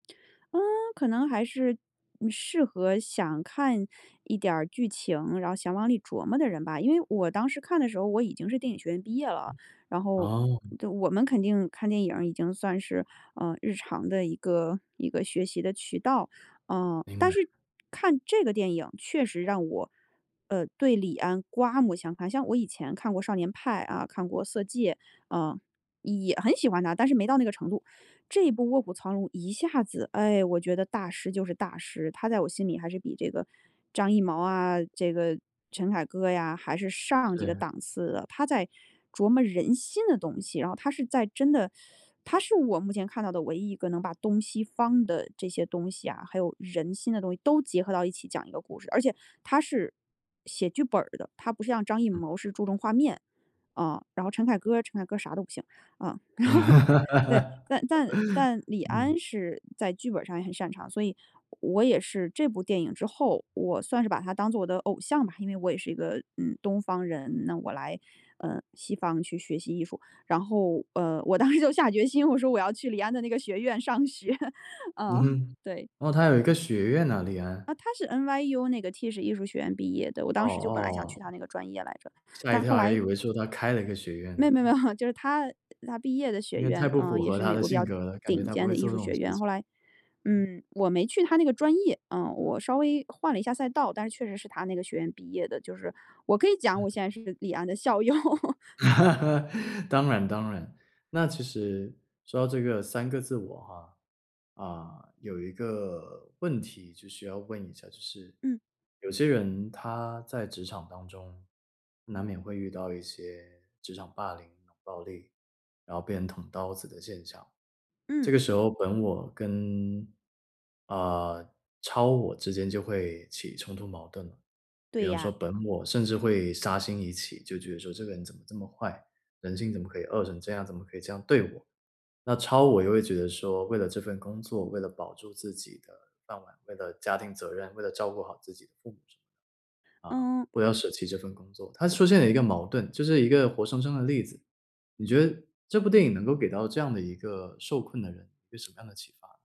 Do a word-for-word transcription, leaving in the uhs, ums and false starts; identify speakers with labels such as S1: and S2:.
S1: 嗯，可能还是适合想看一点儿剧情，然后想往里琢磨的人吧。因为我当时看的时候，我已经是电影学院毕业了，然后
S2: 哦。
S1: 就我们肯定看电影儿已经算是，呃，日常的一个一个学习的渠道。嗯，
S2: 明
S1: 但
S2: 白。
S1: 是看这个电影，确实让我，呃，对李安刮目相看，像我以前看过《少年派》啊，看过《色戒》。嗯，也很喜欢他，但是没到那个程度。这一部《卧虎藏龙》一下子，哎，我觉得大师就是大师，他在我心里还是比这个张艺谋啊，这个陈凯歌呀，还是上几个
S2: 对。
S1: 档次的。他在琢磨人心的东西。然后他是在真的他是我目前看到的唯一一个能把东西方的这些东西啊，还有人心的东西，都结合到一起讲一个故事。而且他是写剧本儿的，他不像张艺
S2: 嗯。
S1: 谋是注重画面。嗯，然后陈凯歌儿陈凯歌儿啥都不行。嗯，然后，对，但但但李
S2: 嗯。
S1: 安是在剧本上也很擅长，所以我也是这部电影之后，我算是把他当做我的偶像吧，因为我也是一个，嗯，东方人，那我来，呃，西方去学习艺术，然后，呃，我当时就下决心，我说我要去李安的那个学院上学，
S2: 嗯
S1: 嗯，
S2: 哼，
S1: 对。
S2: 哦，他有一个学院呐李安？
S1: 啊，他是 NYU 那个 Tisch 艺术学院毕业的，我
S2: 哦，
S1: 当时就本来想去他
S2: 哦。
S1: 那个专业来着。
S2: 吓一
S1: 但
S2: 跳，
S1: 后
S2: 还
S1: 来
S2: 以为说他开了一个学院
S1: 没
S2: 呢。
S1: 有没有没有，就是他他毕业的学
S2: 因为太
S1: 院，
S2: 不
S1: 啊，
S2: 符
S1: 也
S2: 合
S1: 是
S2: 他
S1: 美
S2: 的
S1: 国比
S2: 性
S1: 较
S2: 格了，感觉
S1: 顶
S2: 他不
S1: 尖
S2: 会
S1: 的艺
S2: 做这
S1: 术
S2: 种
S1: 学
S2: 事
S1: 院，后
S2: 情。
S1: 来，
S2: 嗯。
S1: 嗯，我没去他那个专业，呃，我稍微换了一下赛道，但是确实是他那个学院毕业的，就是我可以讲，
S2: 嗯。
S1: 我现在是李安的校友。
S2: 当然当然，那其实说到这个三个自我啊。啊，有一个问题就需要问一下，就是
S1: 嗯。
S2: 有些人他在职场当中，难免会遇到一些职场霸凌、冷暴力，然后被人捅刀子的现象，这
S1: 嗯。
S2: 个时候本我跟，啊，超我之间就会起冲突矛盾了。比
S1: 对
S2: 方说
S1: 呀。
S2: 本我甚至会杀心一起，就觉得说这个人怎么这么坏，人性怎么可以恶成这样，怎么可以这样对我，那超我就会觉得说为了这份工作，为了保住自己的饭碗，为了家庭责任，为了照顾好自己的父母，啊，
S1: 嗯。
S2: 不要舍弃这份工作，它出现了一个矛盾，就是一个活生生的例子。你觉得这部电影能够给到这样的一个受困的人，一个什么样的启发？